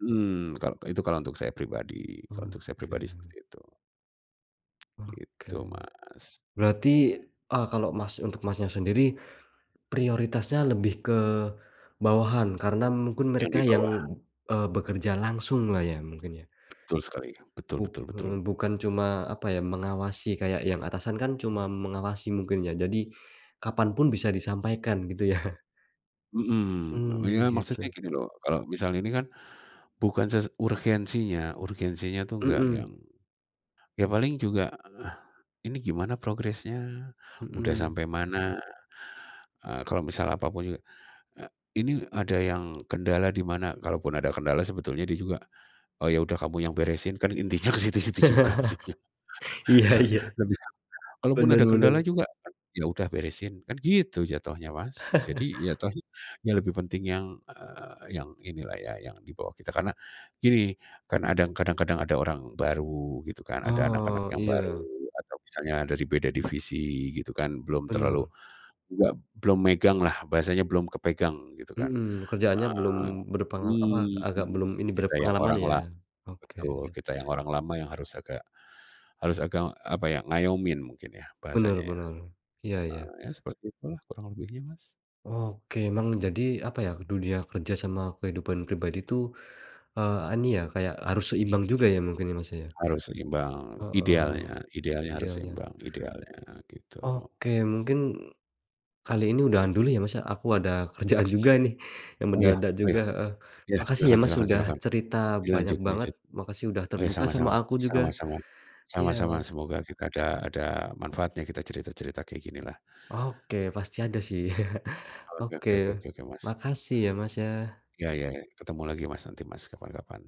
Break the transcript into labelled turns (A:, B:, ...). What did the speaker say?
A: Hmm, kal itu kalau untuk saya pribadi kalau untuk saya pribadi
B: Oke.
A: seperti itu.
B: Oke.
A: Gitu, Mas.
B: Berarti, eee, kalau Mas untuk Masnya sendiri prioritasnya lebih ke bawahan karena mungkin
A: Yang
B: mereka
A: di
B: yang,
A: bawah.
B: eee, bekerja langsung lah ya mungkin ya?
A: Betul sekali, betul
B: Buk
A: betul betul.
B: eee, bukan cuma, apa ya, mengawasi kayak yang atasan kan cuma mengawasi mungkin ya. Jadi kapan pun bisa disampaikan gitu ya?
A: Mhm. Iya,
B: Mmm,
A: maksudnya
B: gitu.
A: gini loh kalau misalnya ini kan bukan ses urgensinya urgensinya tuh enggak yang,
B: Mhm.
A: ya paling juga ini gimana progresnya, udah
B: Mhm.
A: sampai mana, eee, kalau misal apapun juga, eee, ini ada yang kendala di mana kalaupun ada kendala sebetulnya dia juga, "Oh ya udah kamu yang beresin." Kan intinya ke situ-situ juga ujungnya.
B: Iya
A: Sa
B: iya.
A: dia bilang, kalau pun
B: Bener
A: ada
B: bener.
A: kendala juga, ya udah beresin kan gitu jatuhnya, Mas. Jadi ya tadi, ya lebih penting yang, eee, yang inilah ya yang di bawah kita. Karena gini, kan ada ng kadang-kadang ada orang baru gitu kan, ada anak-anak
B: Oh
A: yang baru
B: iya.
A: atau misalnya dari beda divisi gitu kan belum terlalu
B: Bener.
A: enggak, belum megang lah bahasanya belum kepegang gitu kan,
B: Mhm, kerjaannya belum
A: eee,
B: berpengal apa, agak belum
A: mmm,
B: ini
A: kita yang
B: berpengalaman
A: orang
B: ya?
A: la betul,
B: Oke.
A: kita yang orang lama yang harus agak harus agak, apa ya, ngayomin mungkin ya
B: Bener
A: bahasanya ya,
B: bener. Iya iya.
A: heeh, ya seperti itulah kurang lebihnya, Mas.
B: Oke, memang jadi, apa ya, dunia kerja sama kehidupan pribadi tuh, eee, ani ya kayak harus seimbang juga ya mungkin ini Masnya ya?
A: Harus seimbang,
B: Heeh,
A: idealnya idealnya
B: iya
A: harus
B: iya.
A: seimbang, idealnya, heeh. gitu.
B: Oke, mungkin kali ini udahan dulu ya, Mas, ya. Aku ada kerjaan juga nih yang
A: Oh yah
B: mendadak
A: oh
B: juga,
A: yah.
B: heeh.
A: Ya
B: Makasih ya
A: silakan
B: Mas
A: silakan
B: udah
A: silahkan,
B: cerita banyak
A: dilanjut
B: banget,
A: lanjut.
B: makasih udah
A: Oh ya
B: terbuka sama
A: sama-sama
B: aku juga.
A: sama-sama
B: Iya
A: sama-sama,
B: Mas.
A: semoga kita ada ada manfaatnya kita cerita-cerita kayak gini lah.
B: Oke pasti ada sih.
A: Oke
B: Oke,
A: oke oke oke oke, Mas.
B: makasih ya, Mas, ya.
A: Ya ya ya. Ketemu lagi Mas nanti Mas kapan-kapan.